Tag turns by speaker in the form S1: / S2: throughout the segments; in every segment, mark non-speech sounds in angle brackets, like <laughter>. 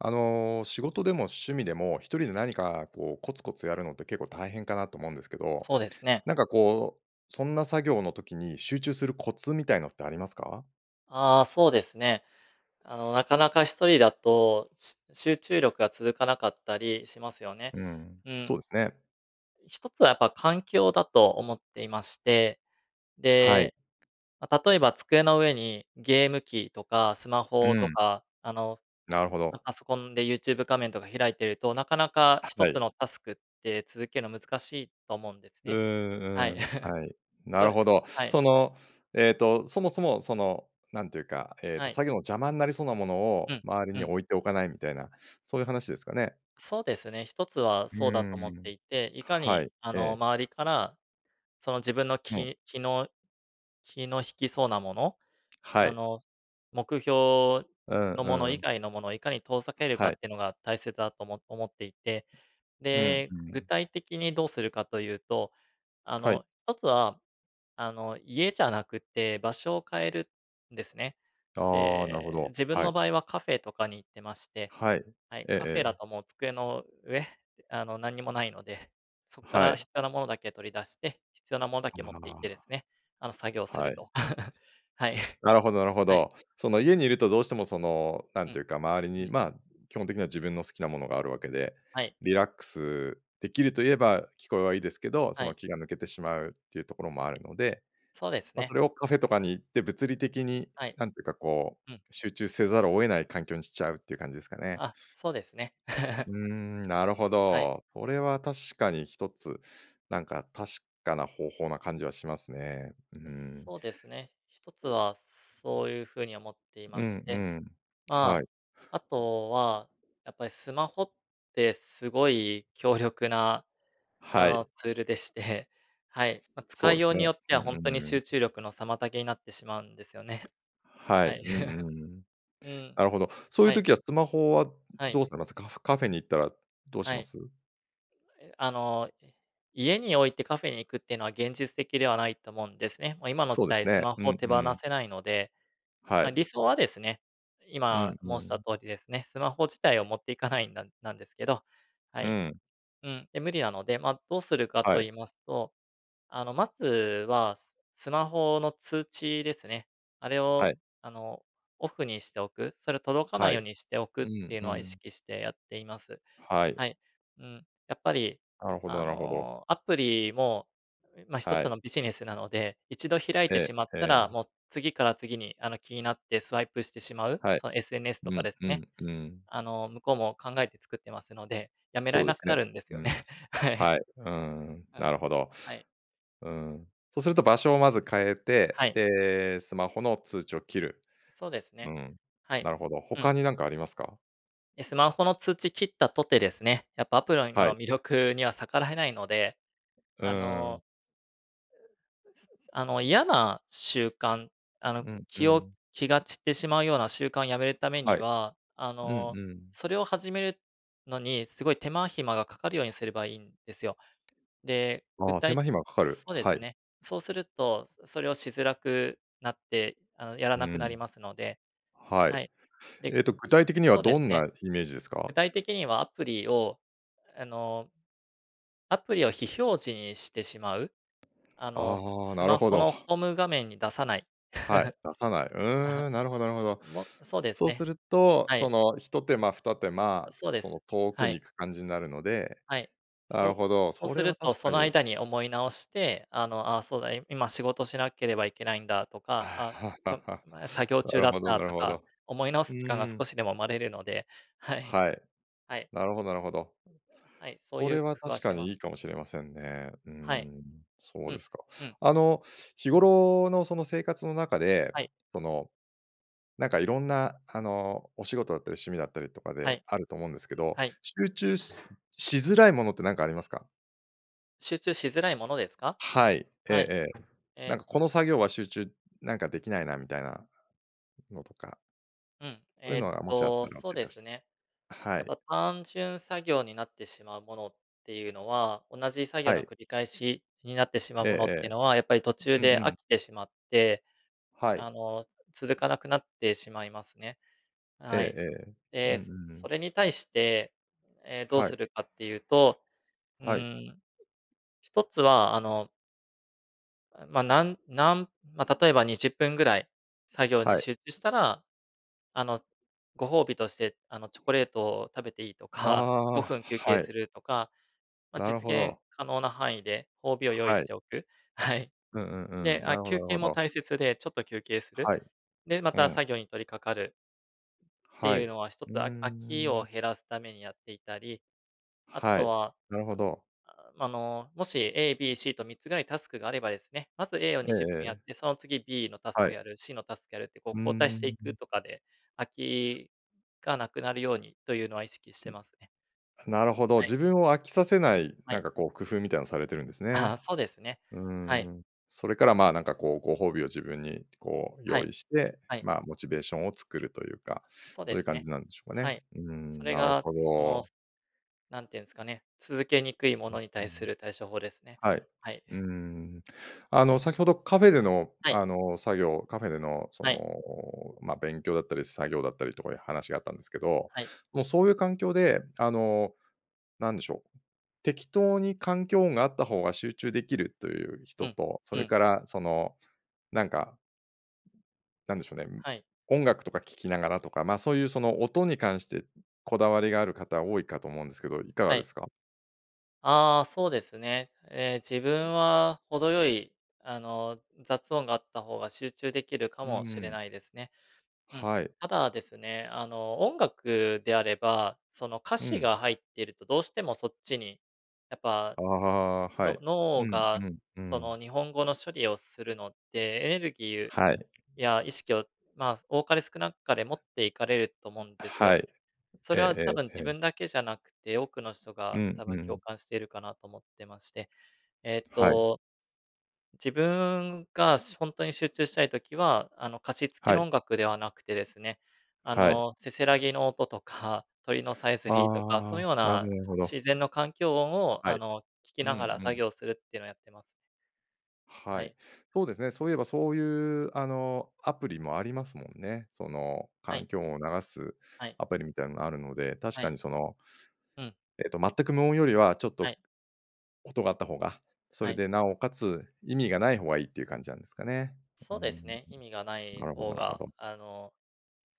S1: あの、仕事でも趣味でも、1人で何かこう、コツコツやるのって結構大変かなと思うんですけど、
S2: そうですね。
S1: なんかこう、そんな作業の時に集中するコツみたいのってありますか？
S2: ああ、そうですね。あの、なかなか1人だと、しゅ集中力が続かなかったりしますよね。
S1: うーん、
S2: う
S1: そ
S2: ん。
S1: うですね。
S2: 1つはやっぱ環境だと思っていまして、
S1: はい。
S2: で、ま、例えば机の上にゲーム機とかスマ
S1: う
S2: ホと
S1: ん。
S2: か、あの、
S1: なるほ
S2: ま、
S1: ど。
S2: パソコンで Youtube 画面とか開いていると、なかなか
S1: あ、
S2: ひと
S1: は
S2: つ
S1: い。
S2: のタスクって続けんの難しいと思うんです
S1: うー
S2: ね。は
S1: ん
S2: い。
S1: うー
S2: <giggles>
S1: ん、はい。な
S2: そ
S1: る
S2: れ
S1: ほど。
S2: はい。
S1: その、えっと、そもそも、その、なんていうか、ええ
S2: は
S1: と、
S2: い。
S1: 作業の邪魔んなりそうなもの
S2: う
S1: を
S2: ん。
S1: 周り
S2: う
S1: に
S2: ん。
S1: 置いておかないみたいな、そういう話ですかね？
S2: そうですね、1つは
S1: う
S2: そうだ
S1: ー
S2: と思って
S1: ん、
S2: いて、いか
S1: は
S2: に、
S1: い。
S2: あ
S1: え
S2: の、
S1: え。
S2: 周りから、その、自分の
S1: うん。
S2: 気気の気の引きそうなもの？
S1: は
S2: あ
S1: い。
S2: の、目標
S1: うん
S2: のもの
S1: う
S2: 以
S1: ん。
S2: 外のものをいかに遠ざけるか
S1: はい。
S2: ってのが大切だとおも思っていて、
S1: うん
S2: で、
S1: う
S2: 具
S1: ん。
S2: 体的にどうするかというと、あ
S1: はい。
S2: の、1つは、あの、家じゃなくって場所を変えるんですね。
S1: ああ、なるほ
S2: ええ、
S1: ど、
S2: 自分
S1: は
S2: の
S1: い。
S2: 場合はカフェとかに行ってまして
S1: はい。
S2: はい、
S1: ええ
S2: カフェ
S1: え
S2: だ
S1: え。
S2: ともう机の上、あの、何にもないので、そっか
S1: は
S2: ら
S1: い。
S2: 必要なものだけ取り出して、必要なものだけ持って行ってで
S1: あ
S2: すね、あの作業
S1: あ。
S2: する
S1: はい。
S2: と。<giggles> はい。
S1: なるほどなるほ
S2: はい。
S1: ど。その、家にいるとどうしても、その、な
S2: う
S1: んてい
S2: ん。
S1: うか、周り
S2: う
S1: に、
S2: ん。
S1: まあ、基本的には自分の好きなものがあるわけで、
S2: はい。
S1: リラックスできるといえば聞こえはいいですけど、そ
S2: は
S1: の、
S2: い。
S1: 気が抜けてしまうっていうところもあるので、
S2: そうです
S1: ま、そ
S2: ね。
S1: れをカフェとかに行って物理的に、
S2: はい。
S1: なんてか、こう、
S2: うん。
S1: 集中せざるを得ない環境にしちゃうって感じですかね？
S2: あ、そうですね。<giggles>
S1: うーん、なるほ
S2: はい。
S1: ど。それは確かに1つ、なんか確かな方法な感じはしますね。うー
S2: う、
S1: ん。
S2: そうですね。1つは、そういうふうに思ってい
S1: う
S2: まし
S1: んう
S2: て、
S1: ん、は
S2: ま
S1: い。
S2: あ、あとは、やっぱりスマホってすごい強力な、あ
S1: はい。
S2: の、ツールでして、はい、ま、
S1: そ
S2: 使
S1: う
S2: い
S1: で
S2: よ
S1: す
S2: うに
S1: ね。
S2: よって
S1: うん
S2: は、
S1: う
S2: ほん
S1: ん、
S2: とに
S1: うー
S2: 集
S1: ん。
S2: 中力の妨げになってしまうんですよね。
S1: はい、
S2: はい。
S1: うん
S2: <chuckles>
S1: うん。
S2: うん、
S1: なるほど。そういう
S2: はい。
S1: 時はスマホは
S2: はい。
S1: どうされます？カフカフェに行ったらどうし
S2: は
S1: ま
S2: い。
S1: す？
S2: え、あの、い家に置いてカフェに行くってのは現実的ではないと思うんですね。ま、今の
S1: そ
S2: 時
S1: うです
S2: 代ス
S1: ね、
S2: マ
S1: う
S2: ホ
S1: ん
S2: 手
S1: う
S2: 放
S1: ん。
S2: せないので。
S1: は
S2: ま、
S1: い。
S2: 理想はですね、
S1: うん
S2: 今
S1: う
S2: 申した
S1: ん。
S2: 通りですね、スマホ自体を持って行かないんだ、なんですけど、は
S1: う
S2: い。
S1: ん。
S2: うん、で無理なので、ま、どうするか
S1: は
S2: と
S1: い。
S2: 言いますと、あの、まずは、ススマホの通知ですね。あれ
S1: は
S2: を、
S1: い。
S2: あの、オフにしておく、それ届かな
S1: は
S2: いよう
S1: い、
S2: にしておくっ
S1: うん
S2: ていう
S1: う
S2: のは意
S1: ん。
S2: 識してやっています。
S1: はい。
S2: はい。うん、やっぱり
S1: なるほど
S2: あ
S1: なるほど。
S2: の、アプリも、ま、ひと
S1: は
S2: つ
S1: い。
S2: のビジネスなので、一度開いて
S1: え
S2: しまっ
S1: え
S2: た
S1: え
S2: ら、
S1: え。
S2: もう次から次に、あの、気になってスワイプしてしまう？
S1: はい、
S2: その SNS
S1: う
S2: とか
S1: ん、
S2: です
S1: う
S2: ね、
S1: ん、うーん。
S2: あの、向こうも考えて作ってますので、やめら
S1: そ
S2: れ
S1: うで
S2: な
S1: す
S2: く
S1: ね。
S2: なるんですよ
S1: う
S2: ね、
S1: ん。
S2: はい。
S1: はい。うーん、
S2: あ、
S1: なる
S2: す
S1: ほど。
S2: はい。
S1: うん、そうすると場所をまず変え
S2: は
S1: て、
S2: い。
S1: で、スマホの通知を切る。
S2: そうです
S1: う
S2: ね。
S1: ん、
S2: はい。
S1: なるほど。
S2: うん。
S1: 他になんかありますか？
S2: え、スマホの通知切ったとてですね、やっぱ、アプリの
S1: は
S2: の
S1: い。
S2: 魅力には逆らえないので、
S1: う
S2: あ
S1: ーん。
S2: の、<unintelligible> すすあの、嫌な習慣、あの、
S1: うん、う
S2: 気を
S1: ん。
S2: 気が散ってしまうような習慣をやめるため
S1: は
S2: に
S1: い。
S2: は、あ
S1: うん、
S2: の、
S1: うん。
S2: それを始めるのにすごい手間暇がかかるようにすればいいんですよ。で、具
S1: ああ、手
S2: 体
S1: 間暇かかる、
S2: そうで
S1: は
S2: す
S1: い。
S2: ね、そうすると、そそれをしづらくなって、あの、やら
S1: う
S2: なくなり
S1: ん。
S2: ますので
S1: は
S2: は
S1: い。
S2: い。で、
S1: えっと、具体的には
S2: そうで
S1: ど
S2: す
S1: ん
S2: ね。
S1: なイメージですか？
S2: 具体的にはアプリを、あのアプリを非表示にしてしまう？あの、
S1: ああ、
S2: ス
S1: なる
S2: マ
S1: ほ
S2: ホ
S1: ど。
S2: のホーム画面に出さない。
S1: はい、出さない。うー
S2: <chuckles>
S1: ん、なるほどなるほど。
S2: もそうです
S1: そうす
S2: ね。
S1: ると
S2: は
S1: そ
S2: い。
S1: の、一手間、二手間、
S2: そうで
S1: その
S2: す。
S1: 遠
S2: は
S1: くに行
S2: い。
S1: く感じになるので、
S2: はい、
S1: な
S2: そ
S1: る
S2: う
S1: ほど、
S2: そう
S1: そ
S2: す
S1: れ
S2: る
S1: は
S2: と、
S1: 確
S2: そ
S1: か
S2: の
S1: に
S2: 間に思い直して、あの「あ、そうだ、い今仕事しなければいけないんだ」とか「あ、ままだ
S1: <laughs>
S2: 作業
S1: な
S2: 中
S1: る
S2: だっ
S1: ほど
S2: た」
S1: なる
S2: と
S1: ほ
S2: か、
S1: ど。
S2: 思い直
S1: う
S2: す時間が少
S1: ん。
S2: しでも生まれるので、はい。
S1: はい。
S2: はい。
S1: なるほどなるほど。
S2: はい、そう
S1: そ
S2: いう
S1: れ
S2: 工
S1: は
S2: 夫
S1: 確
S2: はし
S1: か
S2: てま
S1: にい
S2: す。
S1: いかもしれませんね、うー
S2: はい。
S1: ん、そう
S2: う
S1: で
S2: ん、
S1: すか。
S2: うん。
S1: あの、日頃のその生活の中で、
S2: はい。
S1: その、なんか色んなあの、お仕事だったり趣味だったりとか
S2: は
S1: で、
S2: い。
S1: あると思うんですけど、
S2: はい。
S1: 集中しし辛いものってなんかありますか？
S2: 集中しづらいものですか？
S1: はい、ええ
S2: はい、
S1: ええ。「なん
S2: ええ
S1: かこの作業は集中、なんかできないな」みたいなのとか
S2: うん、
S1: そういう
S2: えっ
S1: のがもしあっ
S2: と、
S1: たら教
S2: そう
S1: え
S2: で
S1: てほ
S2: す
S1: し
S2: ね。
S1: は
S2: やっ
S1: い。
S2: ぱ単純作業になってしまうものっていうのは、同じ作業
S1: は
S2: の
S1: い。
S2: 繰り返しになってしまう
S1: え
S2: ものって
S1: ええ
S2: のは、やっぱり途中
S1: え。うんう
S2: で飽
S1: ん。
S2: きてしまって、
S1: はい。
S2: あの、続かなくなってしまいますね。
S1: ええ、
S2: はい。
S1: ええ。う
S2: え、
S1: んう
S2: そ
S1: んう
S2: そ
S1: ん。
S2: れに対して、え、どう
S1: はい。
S2: するかっていうと、うー
S1: はい。
S2: ん。一つは、あのあ、まあ、なんなんまあ、例えば20分ぐらい作業に
S1: はい。
S2: 集中したら、あの、ご褒美として、あの、チョコレートを食べていいとか、
S1: あ
S2: ごふ
S1: あ、
S2: ん休憩
S1: は
S2: す
S1: い。
S2: るとか、まあ、
S1: なる
S2: 実
S1: ほ
S2: 現
S1: ど。
S2: 可能な範囲で褒美を用意
S1: は
S2: し
S1: い。
S2: ておく？はい。
S1: うんうんう
S2: で、
S1: ん、な
S2: あ、
S1: るほど
S2: 休
S1: なる
S2: 憩
S1: ほ
S2: も
S1: ど。
S2: 大切で、ちょっと休憩する。
S1: はい。
S2: で、ま
S1: う
S2: た
S1: ん。
S2: 作業に取り掛かるって
S1: はい、
S2: いう
S1: う
S2: のは一
S1: ー
S2: つ、あ飽きを
S1: ん。
S2: 減らすためにやっていたり、あ
S1: は
S2: と
S1: い、
S2: は、
S1: なるほど。
S2: <groans> あの、もし A、B、C と3つぐらいタスクがあればですね、まず A を
S1: え
S2: に
S1: え
S2: じゅっぷんやっ
S1: ええ。
S2: て、その次 B のタス
S1: は
S2: ク
S1: い。
S2: やる、C のタスクやるってこう
S1: うー
S2: 交代してい
S1: ん、う
S2: く
S1: ん。
S2: とかで、飽きがなくなるようにというのは意識してますね。
S1: なるほど、
S2: はい。
S1: 自分を飽きさせない、
S2: は
S1: なん
S2: い。
S1: かこう、工夫みたいなのされてるんですね、
S2: ああ、そうですね。
S1: うー
S2: はい。
S1: ん、それから、まあ、なんかこう、ご褒美を自分に、こう
S2: は
S1: 用
S2: い。
S1: 意して、
S2: はい。
S1: まあ、モチベーションを作るというか、
S2: そう
S1: そ
S2: で
S1: ういう
S2: す
S1: 感
S2: ね。
S1: じなんでしょうか
S2: は
S1: ね。
S2: い。
S1: うー
S2: そ
S1: ん、
S2: れ
S1: なる
S2: が
S1: ほ
S2: その、
S1: ど。
S2: すなんていうんすかね、続けにくいも
S1: う
S2: のに
S1: ー
S2: 対す
S1: ん。
S2: る対処法ですね。
S1: はい。
S2: はい。
S1: うーん、あの、先ほどカフェでの、
S2: はい。
S1: あの、作業、カフェでのそ
S2: はい。
S1: の、まあ、勉強だったり作業だったりとかいう話があったんですけど、
S2: はい。
S1: もうそういう環境で、あの、なんでしょう、適当に環境音があった方が集中できるという
S2: う
S1: 人
S2: ん、
S1: と、そ
S2: う
S1: れ
S2: ん。
S1: からその、なんかなんでしょうね、うん、
S2: はい。
S1: 音楽とか聴きながらとか、まあ、そういうその音に関してこだわりがある方多いかと思うんですけど、いかが
S2: は
S1: で
S2: い。
S1: すか？
S2: ああ、そうですね。ええ、自分は程よい、あの、雑音があった方が集中できるか
S1: うー
S2: もしれ
S1: ん。
S2: ないですね。うん。
S1: はい。
S2: ただですね、あの、音楽であれば、その、歌
S1: う
S2: 詞
S1: ん。
S2: が入ってるとどうしてもそっちに、やっぱ、
S1: ああ、は
S2: の
S1: い。う
S2: 脳
S1: ん
S2: が、
S1: うんう
S2: そ
S1: ん。
S2: の、日本語の処理をするのってエネルギー
S1: はい。
S2: や意識を、ま、多かれ少なかれ持っていかれると思うんです
S1: は
S2: よ。
S1: い。
S2: そ
S1: ええ
S2: れは多分
S1: えええ
S2: 自
S1: え。
S2: 分だけじゃなくって、多くの人
S1: う
S2: が
S1: ん
S2: 多分
S1: う
S2: 共
S1: ん。
S2: 感してるかなと思ってまして、えっ
S1: はい。
S2: と、自分がしほんとに集中したい時は、あの、歌詞付き
S1: は
S2: の
S1: い。
S2: 音楽ではなくてですね、あ
S1: はい。
S2: の、せせらぎの音とか、鳥のさえずりとか、そ
S1: あ
S2: ういう
S1: あ、
S2: よう
S1: なるほど
S2: な
S1: なるほど。
S2: 自然の環境音を、
S1: は
S2: あ
S1: い。
S2: の、聴き
S1: うん
S2: ながら
S1: う
S2: 作
S1: ん。
S2: 業するってのをやってます。は
S1: はい。
S2: い。
S1: そうですね、そういえばそういう、あの、アプリもありますもんね。その、
S2: はい。
S1: 環境音を流す
S2: はい。
S1: アプリみたいなのがあるので、確
S2: は
S1: か
S2: い。
S1: にその
S2: うん。
S1: えっと全く無音よりはちょっ
S2: は
S1: と
S2: い。
S1: 音があった方が、そ
S2: は
S1: れ
S2: い。
S1: で尚且つ意味がない方がいいっていう感じなんですかね。う
S2: そ
S1: ー
S2: うで
S1: ん。
S2: すね、意味がない
S1: なるほど
S2: 方
S1: なるほ
S2: が、
S1: ど。
S2: あの、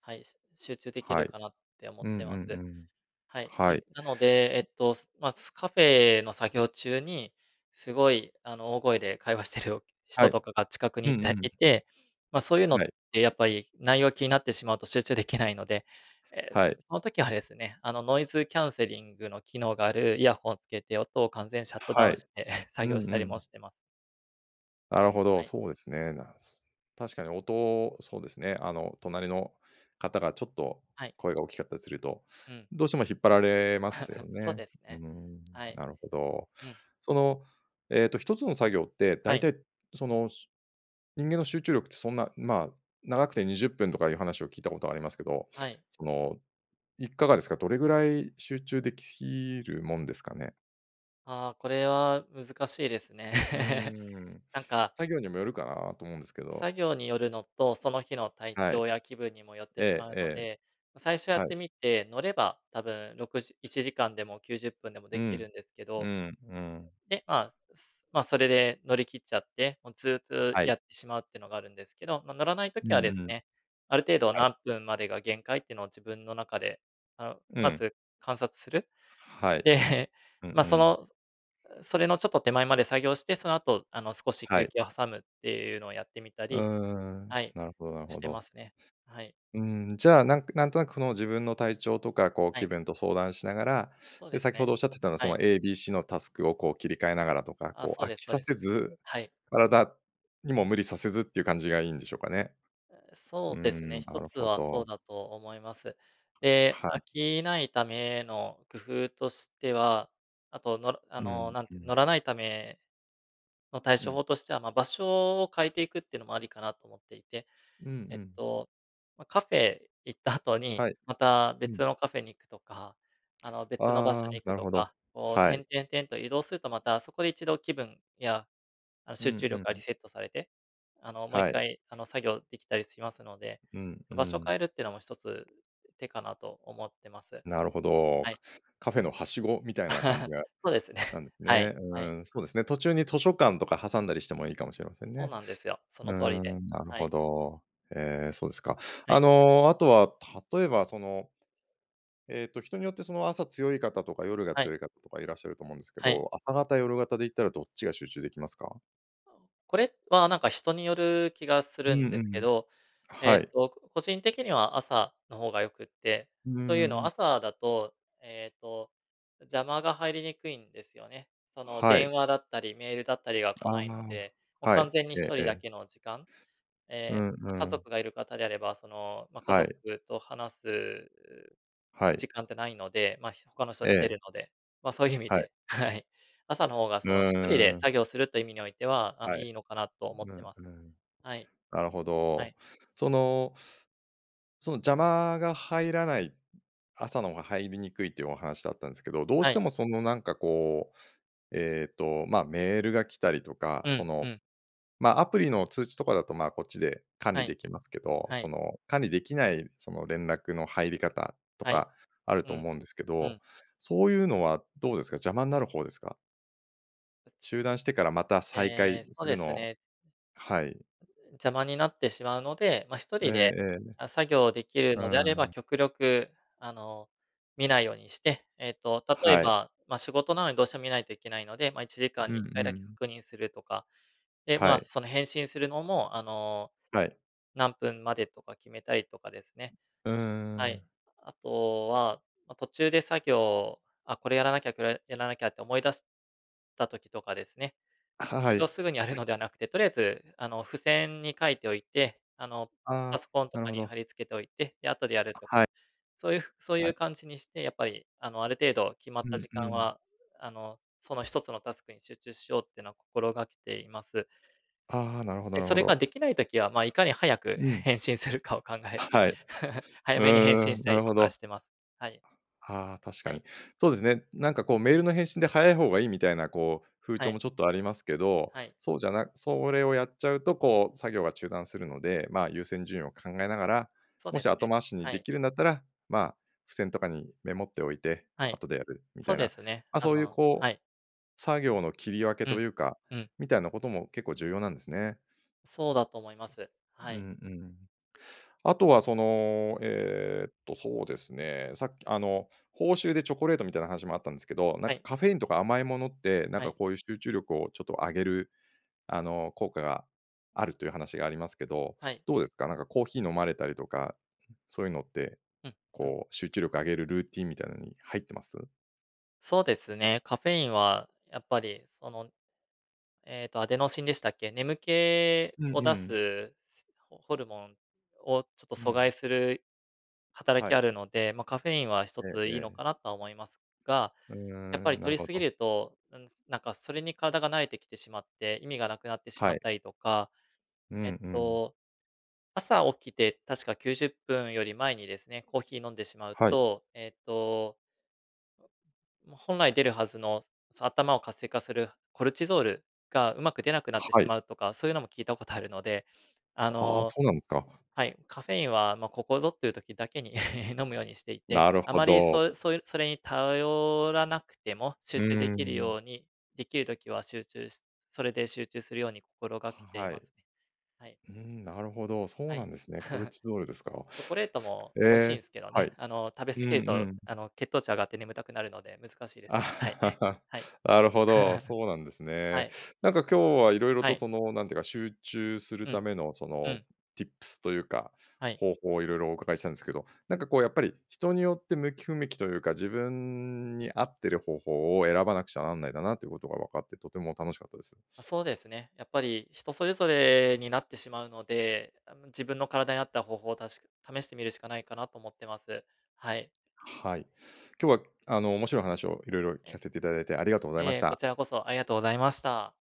S2: はい、し集中でき
S1: は
S2: る
S1: い。
S2: かなって思
S1: う
S2: っ
S1: んう
S2: てま
S1: ん
S2: す。
S1: うん。
S2: はい。
S1: は
S2: で、
S1: い。
S2: なので、えっと、すま、すカフェの作業中に、すごい、あの、大声で会話してる
S1: は
S2: 人
S1: い。
S2: とかが近くに
S1: う
S2: い
S1: んう
S2: て
S1: ん。
S2: いて、ま、そういうの
S1: は
S2: っ
S1: い。
S2: てやっぱり内容気になってしまうと集中できないので、ええ、
S1: はい。
S2: その時はですね、あの、ノイズキャンセリングの機能があるイヤホンをつけて音を完全シャットダ
S1: は
S2: ウン
S1: い。
S2: して <chuckles>
S1: う
S2: 作業し
S1: んう
S2: たりも
S1: ん。
S2: してます。
S1: なるほど、
S2: はい。
S1: そうですね。なんつ確かに音、そうですね、あの隣の方がちょっと
S2: はい。
S1: 声が大きかったりすると、
S2: うん。
S1: どうしても引っ張られますよ
S2: <giggles> そう
S1: ね。
S2: です
S1: うー
S2: ね。
S1: ん、
S2: はい。
S1: なるほど。
S2: うん。
S1: そのえっと1つの作業って、だ
S2: は
S1: い
S2: い。
S1: たいその、しゅ人間の集中力ってそんな、ま、長くて20分とかいう話を聞いたことありますけど、
S2: はい。
S1: そのいかがですか？どれぐらい集中できるもんですかね？
S2: ああ、これは難しいですね。
S1: うー
S2: <laughs>
S1: ん、
S2: なんか
S1: 作業にもよるかなと思うんですけど。
S2: 作業によるのと、その日の体
S1: はい。
S2: 調や気分にもよってし
S1: え
S2: ま
S1: え
S2: う
S1: え
S2: の
S1: え、
S2: で、ま、最初や
S1: は
S2: っ
S1: い。
S2: てみて乗れば、多分6時1時間でも90分でも
S1: う
S2: でき
S1: ん、
S2: るんですけ
S1: う
S2: ど。
S1: んうん。
S2: で、まあ、すすま、それで乗り切っちゃって、もうずうずう
S1: はい。
S2: やってしまうっていうのがあるんですけど、ま、乗らない
S1: う
S2: 時
S1: ん
S2: はで
S1: う
S2: す
S1: ん。
S2: ね、ある程度
S1: はい。
S2: 何分までが限界ってのを自分の中で、あの、
S1: う
S2: ま
S1: ん。
S2: ず観察する？
S1: はい。
S2: で、
S1: うんう
S2: ま、そ
S1: ん。
S2: のそれのちょっと手前まで作業して、その後あの少し
S1: は
S2: 休
S1: い。
S2: 憩を挟むっていうのをやってみた
S1: うー
S2: り
S1: ん、
S2: はい、
S1: なるほどなる
S2: し
S1: ほ
S2: てま
S1: ど。
S2: すね。はい。
S1: うーん、じゃあ、なんなんとなくその自分の体調とか、こう
S2: は
S1: 気
S2: い。
S1: 分と相談しながら、
S2: そうで
S1: で、
S2: す
S1: 先ほ
S2: ね。
S1: どおっしゃってたの
S2: は
S1: そ
S2: い。
S1: の ABC のタスクをこう切り替えながらとか、
S2: あ、
S1: こう
S2: そう
S1: 飽
S2: です
S1: き
S2: そう
S1: さ
S2: で
S1: せ
S2: す。
S1: ず、
S2: はい。
S1: 体にも無理させずっていう感じがいいんでしょうかね。
S2: う、
S1: う
S2: そ
S1: ー
S2: うです
S1: ん、
S2: ね、
S1: な
S2: 一
S1: る
S2: つ
S1: ほ
S2: はそ
S1: ど。
S2: うだと思います。で、
S1: は
S2: 飽
S1: い。
S2: きないための工夫としては、あと、乗るあ
S1: うん
S2: の、なん
S1: う
S2: ていう、乗
S1: ん。
S2: らないための対
S1: う
S2: 処
S1: ん。
S2: 法としては、ま、場所を変えていくっていうのもありかなと思っていて、
S1: うんう
S2: えっ
S1: ん。
S2: と、ま、カフェ行った後に、
S1: はい。
S2: また
S1: う
S2: 別
S1: ん。
S2: のカフェに行くとか、あの別の場所
S1: ああ、
S2: に行
S1: な
S2: く
S1: る
S2: と
S1: ほど、
S2: か、こう、
S1: は
S2: 転
S1: い。
S2: 々転と移動するとまたそこで一度気分や、あの
S1: う
S2: 集
S1: ん
S2: 中
S1: う
S2: 力が
S1: ん
S2: リ
S1: ん。
S2: セットされて、あのもういっ
S1: はい。
S2: かいあの作業できたりしますので、
S1: うんう
S2: 場所を変
S1: ん。
S2: えるっていうのも一つ手かなと思ってます。
S1: なるほ
S2: は
S1: ど。
S2: い。
S1: カフェのはしごみたいな感じ
S2: <giggles>
S1: が
S2: そうですね。
S1: なんです
S2: はい。
S1: ね。う
S2: はい。
S1: ーん、そうですね、途中に図書館とか挟んだりしてもいいかもしれません
S2: そう
S1: ね。
S2: なんですよ。そ
S1: う
S2: の
S1: ー
S2: 通りで、
S1: ん、なる
S2: は
S1: ほ
S2: い。
S1: ど。ええ、そうですか。
S2: は
S1: あ
S2: い。
S1: の、あとは例えばその、えっと人によってその朝強い方とか夜が
S2: はい。
S1: 強い方とかいらっしゃると思うんですけ
S2: はい。
S1: ど、朝型夜型で言ったらどっちが集中できますか？
S2: <unintelligible> これはなんか人による気がす
S1: う
S2: る
S1: んう
S2: んですけ
S1: ん。
S2: ど、え
S1: は
S2: っ
S1: い。
S2: と、こ個人的には朝の方が良くって、
S1: うー
S2: というのは
S1: ん。
S2: 朝だと、ええと、邪魔が入りにくいんですよね。その、
S1: は
S2: 電
S1: い。
S2: 話だったりメールだったりが
S1: あ
S2: 来
S1: あ、
S2: ないので、も、
S1: は
S2: 完
S1: い、
S2: 全に
S1: え
S2: ひ
S1: え
S2: と
S1: え
S2: りだ
S1: え。
S2: けの時間
S1: う
S2: ええ、
S1: ん
S2: ま、家
S1: うん。
S2: 族がいる方であれば、その、ま、家
S1: は
S2: 族
S1: い。
S2: と話す
S1: は
S2: 時
S1: い。
S2: 間じゃないので、ま、ひ他の人寝て
S1: ええ。
S2: るので。ま、そういう意味
S1: はい。
S2: で、はい。朝の方が
S1: う
S2: その、1人で
S1: ーん。
S2: 作業するという意味においては、あの、
S1: はい、
S2: いいのかなと思っ
S1: う
S2: て
S1: ん、
S2: ます。
S1: うん。
S2: はい。
S1: なるほ
S2: は
S1: ど。
S2: い。
S1: そのその、邪魔が入らない朝の方が入りにくいというお話だったんですけど、どう
S2: は
S1: して
S2: い。
S1: も、その、なんか、こう、ええと、ま、メールが来たりとか、
S2: う
S1: そ
S2: ん、う
S1: の、
S2: ん。
S1: ま、アプリの通知とかだと、まあ、こっちで管
S2: は
S1: 理
S2: い。
S1: できますけど、
S2: は
S1: そ
S2: い。
S1: の、管理できない、その、連絡の入り方と
S2: はい。
S1: かある
S2: う
S1: と
S2: ん。
S1: 思うんですけ
S2: う
S1: ど、
S2: ん。
S1: そういうのはどうですか、邪魔になる方ですか。中
S2: <unintelligible>
S1: 断してからまた再
S2: え
S1: 開
S2: え、そ
S1: す
S2: うで
S1: る
S2: す
S1: の
S2: ね
S1: はい。
S2: <unintelligible> 邪魔になってしまうので、ま、ひと
S1: ええ
S2: りで、
S1: ええ。
S2: あ、作業できる
S1: う
S2: のであれ
S1: ー
S2: ば
S1: ん。
S2: 極力、あの、見ないようにして、えっと、例え
S1: はい。
S2: ば、ま、仕事なのにどうしても見ないといけないので、ま、1時間
S1: う
S2: に1回
S1: んう
S2: だけ
S1: ん。
S2: 確認するとか、で、ま
S1: は
S2: あ、
S1: い。
S2: その、返信するのも、あの、
S1: はい。
S2: 何分までとか決めたりとかですね。
S1: う
S2: は
S1: ー
S2: い。
S1: ん。
S2: あとは、ま、途中で作業、「あ、これやらなきゃ、これやらなきゃ」って思い出した時とかですね。
S1: は、は
S2: それを
S1: い。
S2: すぐにやるのではなくて、とりあえず、あの、付箋に書いておいて、あの、
S1: ああ、
S2: パソコンと
S1: なる
S2: か
S1: ほ
S2: に
S1: ど。
S2: 貼り付けておいて、で後でやる
S1: あ、
S2: と。
S1: はい。
S2: そういうふそうい
S1: は
S2: う
S1: い。
S2: 感じにしてやっぱり、あの、ある程度決ま
S1: う
S2: った
S1: ん
S2: 時
S1: う
S2: 間
S1: ん。
S2: は、あの、その1つのタスクに集中しようってのは心がけています。
S1: ああ、なるほど
S2: で、
S1: なる
S2: そ
S1: ほ
S2: れ
S1: ど。
S2: ができない時は、まあ、いかに早く
S1: うん。
S2: 返信するかを考え
S1: は
S2: て、
S1: はい。
S2: <chuckles> 早
S1: う
S2: めに
S1: ー
S2: 返信し
S1: ん、
S2: た
S1: な
S2: り
S1: るほ
S2: とか
S1: ど。
S2: してます。はい。
S1: はあ、確か
S2: は
S1: に。
S2: い。
S1: そうですね。なんか、こう、メールの返信で早い方がいいみたいな、こう、風
S2: は
S1: 潮
S2: い。
S1: もちょっとありますけど、
S2: はい。
S1: そうじゃなそれをやっちゃうと、こう、作業が中断するので、まあ、優先順位を考えながら、
S2: そう
S1: も
S2: で
S1: し
S2: す
S1: 後
S2: ね、
S1: 回しに
S2: は
S1: で
S2: い。
S1: きるんだったら、まあ、付箋とかにメモっておいて
S2: はい、
S1: 後でやるみ
S2: そ
S1: た
S2: う
S1: い
S2: で
S1: な、
S2: すね、
S1: ま、
S2: あ
S1: そういう、
S2: の
S1: こ
S2: は
S1: う、
S2: い。
S1: 作業の切り分け
S2: う
S1: と
S2: ん。
S1: いうか、
S2: うん。
S1: みたいなことも結構重要なんですね。
S2: そうだと思います。は
S1: う
S2: い。
S1: んうん。あとはその、えっと、そうですね、さっきあの、報酬でチョコレートみたいな話もあったんですけど、なん
S2: は
S1: か、
S2: い。
S1: カフェインとか甘いものって、なん
S2: は
S1: か、
S2: い。
S1: こういう集中力をちょっと上げる、あの、効果があるという話がありますけど、
S2: はい。
S1: どうですか、なんかコーヒー飲まれたりとか、そういうのって、
S2: うん、うん。
S1: こう、集中力を上げるルーティンみたいなのに入ってます？
S2: そうですね。カフェインはやっぱりその、えっと、アデノシンでしたっけ、眠気
S1: うん
S2: を
S1: う
S2: 出
S1: ん。
S2: すす、ホホルモンをちょっと
S1: う
S2: 阻
S1: ん。
S2: 害する働
S1: は
S2: きあ
S1: い。
S2: るので、ま、カフェインは一
S1: え
S2: つ
S1: え
S2: いい
S1: え
S2: の
S1: え。
S2: かなとは思いますが、
S1: うー
S2: やっぱり
S1: ん、
S2: 摂
S1: なる
S2: り
S1: ほ
S2: すぎ
S1: ど。
S2: ると、うん、つなんかそれに体が慣れてきてしまって、意味がなくなってしま
S1: はい。
S2: ったりとか、
S1: うん
S2: えっ
S1: うん。
S2: と、朝起きて確か90分より前にですね、コーヒー飲んでしまう
S1: はい。
S2: と、えっとま、本来出るはずの、すそ頭を活性化するコルチゾールがうまく出なくなってし
S1: はい。
S2: まうとか、そういうのも聞いたことあるので、あ
S1: ああ、
S2: の
S1: そうなんですか。
S2: はい、カフェインは、ま、ここぞという時だけに <laughs> 飲むようにしていて、
S1: なる
S2: あ
S1: ほ
S2: まり
S1: ど。
S2: そうそうそれに頼らなくても集
S1: う
S2: 中で
S1: ー
S2: きる
S1: ん。
S2: ように、できる時は集中しそれで集中するように心が
S1: は
S2: けてい
S1: は
S2: ま
S1: い。
S2: すね。はい。
S1: うーん、なるほど、そ
S2: は
S1: う
S2: い。
S1: な
S2: <chuckles>
S1: んですね。コルチゾールですか。
S2: チョコレートも
S1: え
S2: 美味しいん
S1: え、
S2: すけど
S1: は
S2: ね、
S1: い。
S2: あの、食べ
S1: う
S2: 過
S1: ん
S2: ぎる
S1: う
S2: と、
S1: ん。
S2: あの、血糖値上がって眠たくなるので難しいです。はい、
S1: あ、
S2: はい。
S1: <laughs> なるほど、
S2: <chuckles>
S1: そうなんです
S2: は
S1: ね。
S2: い。
S1: なんか今日は色々
S2: は
S1: と
S2: い。
S1: その、なんていうか、集中する
S2: う
S1: た
S2: ん、
S1: めのそ
S2: う
S1: の
S2: ん。
S1: ティップスというか
S2: はい。
S1: 方法をいろいろお伺いしたんですけど、なんかこうやっぱり人によって向き不向きというか、自分に合ってる方法を選ばなくちゃなんないんだなということが分かって、とても楽しかったです。
S2: ま、そうですね。やっぱり人それぞれになってしまうので、あの、自分の体に合った方法を、たし試してみるしかないかなと思ってます。はい。
S1: はい、今日は、あの、面白い話を色々
S2: え
S1: 聞
S2: え。
S1: かせていただいてありがとうございま
S2: え
S1: し
S2: え、こ
S1: た。
S2: ちらこそありがとうございました。はい。